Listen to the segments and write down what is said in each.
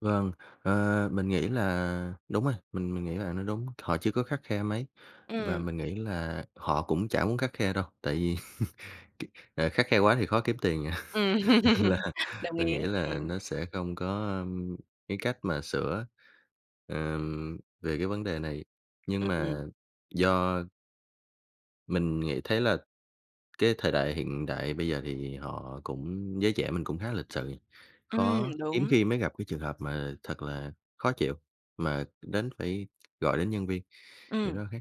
Vâng, ờ, mình nghĩ là đúng rồi, mình mình nghĩ là nó đúng. Họ chưa có khắt khe mấy và Ừm. mình nghĩ là họ cũng chả muốn khắt khe đâu, tại vì k ờ, khắt khe quá thì khó kiếm tiền à, Ừm, là đồng mình ý, nghĩ là ừm. nó sẽ không có, ưm, cái cách mà sửa, ờm, về cái vấn đề này, Ư, nhưng ừm. mà do Mình nghĩ thấy là cái thời đại hiện đại bây giờ thì họ cũng giới trẻ mình cũng khá lịch sự, Ừm, khó hiếm đúng. khi mới gặp cái trường hợp mà thật là khó chịu mà đến phải gọi đến nhân viên, thì Ừm. nó khác.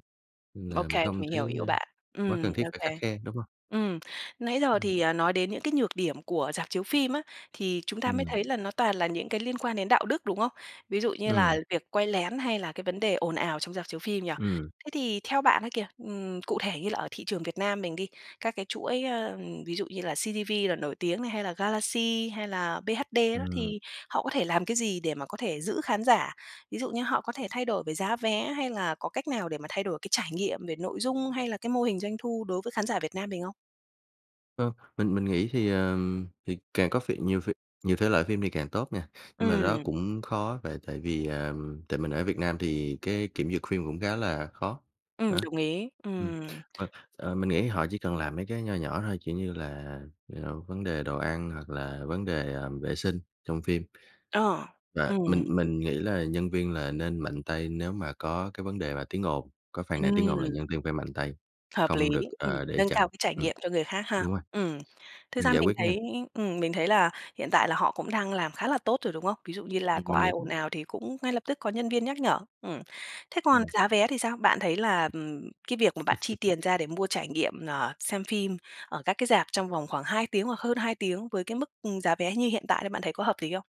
Ưm, là mình Okay, không mình thấy hiểu ý của n bạn. quá Ừm, cần thiết phải khắt okay. khe, đúng hông? Ừm, nãy giờ Ừm. thì, à, nói đến những cái nhược điểm của rạp chiếu phim á, thì chúng ta mới Ừm. thấy là nó toàn là những cái liên quan đến đạo đức, đúng không? Ví dụ như là Ừm. việc quay lén, hay là cái vấn đề ồn ào trong rạp chiếu phim nhỉ? Ừm. Thế thì theo bạn á kìa, ừm, cụ thể như là ở thị trường Việt Nam mình đi, các cái chuỗi, ờ, ví dụ như là CGV là nổi tiếng này, hay là Galaxy, hay là BHD đó Ừm. thì họ có thể làm cái gì để mà có thể giữ khán giả? Ví dụ như họ có thể thay đổi về giá vé, hay là có cách nào để mà thay đổi cái trải nghiệm về nội dung, hay là cái mô hình doanh thu đối với khán giả Việt Nam mình không? Ơ, mình mình nghĩ thì, ờ, thì càng có phỉ nhiều ph nhiều thể loại phim thì càng tốt nha, nhưng mà đó Ừm. cũng khó tại tại vì, à tại mình ở Việt Nam thì cái kiểm duyệt phim cũng khá là khó, Ừm, đó. đồng ý. Ừm, Ừm. và, ờ, mình nghĩ họ chỉ cần làm mấy cái nho nhỏ thôi, kiểu như là, ờ, vấn đề đồ ăn hoặc là vấn đề, ờ, vệ sinh trong phim. Ờ, Và mình ừm. mình nghĩ là nhân viên là nên mạnh tay nếu mà có cái vấn đề mà tiếng ồn, có phàn nàn tiếng ồn là Ừm. nhân viên phải mạnh tay, Hợp lý, không được, ừm, ờ, để nâng cao chậm cái trải ừm, nghiệm cho người khác ha? đúng rồi. Ừm. Thực Ưm, ra giải mình quyết nhanh. thấy ừm, mình thấy là hiện tại là họ cũng đang làm khá là tốt rồi, đúng không? Ví dụ như là Mình có mình ai nghĩ ồn ào thì cũng ngay lập tức có nhân viên nhắc nhở. Ừm. Thế còn Ừm. giá vé thì sao? Bạn thấy là, ừm, cái việc mà bạn chi tiền ra để mua trải nghiệm, ờ, xem phim ở các cái rạp trong vòng khoảng 2 tiếng hoặc hơn 2 tiếng với cái mức, ừm, giá vé như hiện tại là bạn thấy có hợp lý không?